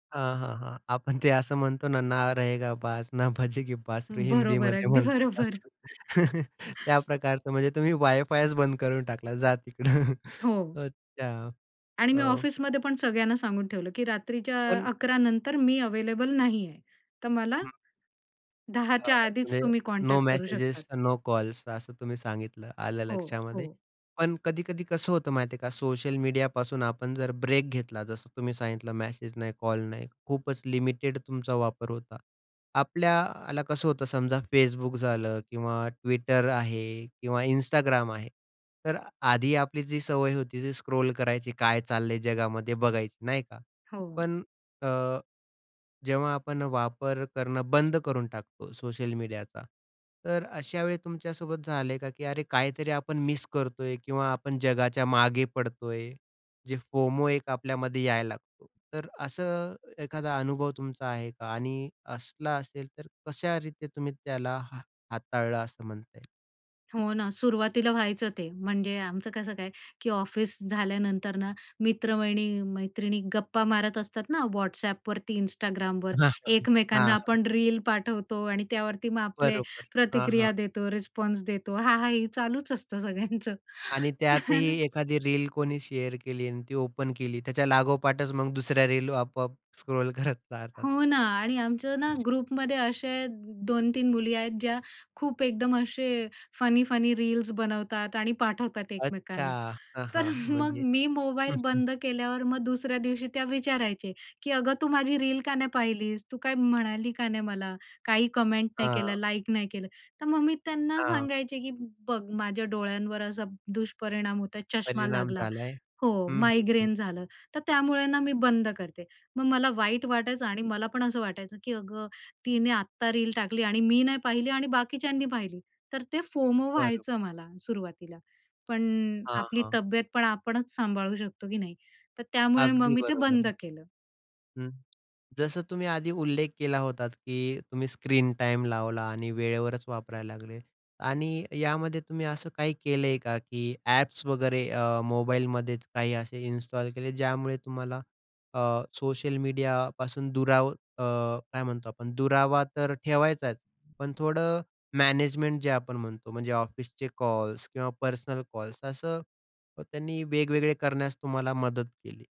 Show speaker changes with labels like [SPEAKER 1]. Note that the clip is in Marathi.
[SPEAKER 1] हां, हां, हां. आपण ते असं म्हणतो ना "ना रहेगा बास ना बजेगी बासरी"
[SPEAKER 2] बरोबर
[SPEAKER 1] हिंदीमध्ये
[SPEAKER 2] अगदी
[SPEAKER 1] म्हणतात
[SPEAKER 2] बरोबर.
[SPEAKER 1] असं. त्या प्रकारचं म्हणजे तुम्ही वायफायच बंद करून टाकला जा तिकडं
[SPEAKER 2] हो.
[SPEAKER 1] अच्छा
[SPEAKER 2] आणि मी
[SPEAKER 1] हो.
[SPEAKER 2] ऑफिसमध्ये पण सगळ्यांना सांगून ठेवलं की रात्रीच्या
[SPEAKER 1] पण
[SPEAKER 2] 11:00 नंतर मी अवेलेबल नाहीये. तर मला.
[SPEAKER 1] हं.
[SPEAKER 2] 10 च्या
[SPEAKER 1] हां
[SPEAKER 2] आधीच
[SPEAKER 1] [unintelligible]
[SPEAKER 2] तुम्ही
[SPEAKER 1] नो
[SPEAKER 2] कॉन्टॅक्ट करू शकतात.
[SPEAKER 1] मेसेजेस, नो कॉल्स असं तुम्ही सांगितलं आलं
[SPEAKER 2] हो,
[SPEAKER 1] लक्षामध्ये.
[SPEAKER 2] हो.
[SPEAKER 1] पण कधीकधी कसं होतं माहिती आहे का सोशल मीडियापासून आपण जर ब्रेक घेतला जसं तुम्ही सांगितलं मेसेज नाही, कॉल नाही खूपच लिमिटेड तुमचा वापर होता. आपल्याला कसं होतं समजा Facebook झालं किंवा Twitter आहे किंवा Instagram आहे. तर आधी आपली जी सवय होती ती स्क्रॉल करायची काय चाललंय जगामध्ये बघायची नाही का.
[SPEAKER 2] हो.
[SPEAKER 1] पण अ, जेव्हा आपण वापर करणं बंद करून टाकतो सोशल मीडियाचा. तर अशा वेळी तुमच्यासोबत झालंय का की, "अरे काहीतरी आपण मिस करतोय?" किंवा "आपण जगाच्या मागे पडतोय." जे FOMO एक आपल्यामध्ये यायला लागतो. तर असं एखादा अनुभव तुमचा आहे का? आणि असला असेल तर कशा रीती तुम्ही त्याला हा हाताळलं असं म्हणता येईल?
[SPEAKER 2] हो ना सुरवातीला व्हायचं ते. म्हणजे आमचं कसं काय की ऑफिस झाल्यानंतर ना मित्र, वहिनी, मैत्रिणी गप्पा मारत असतात ना WhatsAppवरती Instagramवर.
[SPEAKER 1] हां,
[SPEAKER 2] एकमेकांना
[SPEAKER 1] हां.
[SPEAKER 2] आपण रील पाठवतो आणि त्यावरती मग आपले
[SPEAKER 1] बरोबर हां, हां.
[SPEAKER 2] प्रतिक्रिया देतो, रिस्पॉन्स देतो. हा, हा. ही चालूच असतं सगळ्यांचं.
[SPEAKER 1] आणि त्यातही
[SPEAKER 2] [unintelligible]
[SPEAKER 1] एखादी रील कोणी शेअर केली आणि ती ओपन केली त्याच्या लागोपाठच मग दुसऱ्या रील आपोआप स्क्रॉल करत चालतात.
[SPEAKER 2] हो ना आणि आमचं ना ग्रुपमध्ये असे 2-3 मुली आहेत ज्या खूप एकदम असे फनी-फनी रील्स बनवतात आणि पाठवतात
[SPEAKER 1] अच्छा.
[SPEAKER 2] एकमेकांना.
[SPEAKER 1] हां,
[SPEAKER 2] तर
[SPEAKER 1] हां.
[SPEAKER 2] मग
[SPEAKER 1] म्हणजे.
[SPEAKER 2] मी मोबाईल बंद केल्यावर मग दुसऱ्या दिवशी त्या विचारायचे. की, "अगं तू माझी रील का नाही पाहिलीस? तू काय म्हणाली का नाही मला? काही कमेंट नाही केलं?
[SPEAKER 1] हां.
[SPEAKER 2] लाईक नाही केलं?" तर मग मी त्यांना
[SPEAKER 1] हां.
[SPEAKER 2] सांगायचे की, "बघ माझ्या डोळ्यांवर असा दुष्परिणाम होता चष्मा
[SPEAKER 1] परिणाम
[SPEAKER 2] लागला.
[SPEAKER 1] झालाय.
[SPEAKER 2] हो
[SPEAKER 1] हं, हं, हं.
[SPEAKER 2] मायग्रेन झालं. तर त्यामुळे ना मी बंद करते." मग मला वाईट वाटायचं आणि मला पण असं वाटायचं की, "अगं तिने आत्ता रील टाकली आणि मी नाही पाहिली आणि बाकीच्यांनी पाहिली." तर ते FOMO
[SPEAKER 1] बरोबर.
[SPEAKER 2] व्हायचं मला सुरुवातीला. पण
[SPEAKER 1] हां,
[SPEAKER 2] आपली
[SPEAKER 1] हां.
[SPEAKER 2] तब्येत पण आपणच सांभाळू शकतो की नाही. तर त्यामुळे मग
[SPEAKER 1] अगदी
[SPEAKER 2] मी ते बंद
[SPEAKER 1] बरोबर.
[SPEAKER 2] केलं.
[SPEAKER 1] हं. जसं तुम्ही आधी उल्लेख केला होतात की तुम्ही स्क्रीन टाईम लावला आणि वेळेवरच वापरायला लागले. आणि यामध्ये तुम्ही असं काही केलंय का? की ॲप्स वगैरे अ, मोबाईलमध्येच काही असे इन्स्टॉल केले ज्यामुळे तुम्हाला अ, सोशल मीडियापासून दुराव अ, काय म्हणतो आपण दुरावा तर ठेवायचाच पण थोडं मॅनेजमेंट जे आपण म्हणतो. म्हणजे ऑफिसचे कॉल्स किंवा पर्सनल कॉल्स असं त्यांनी वेगवेगळे करण्यास तुम्हाला मदत केली.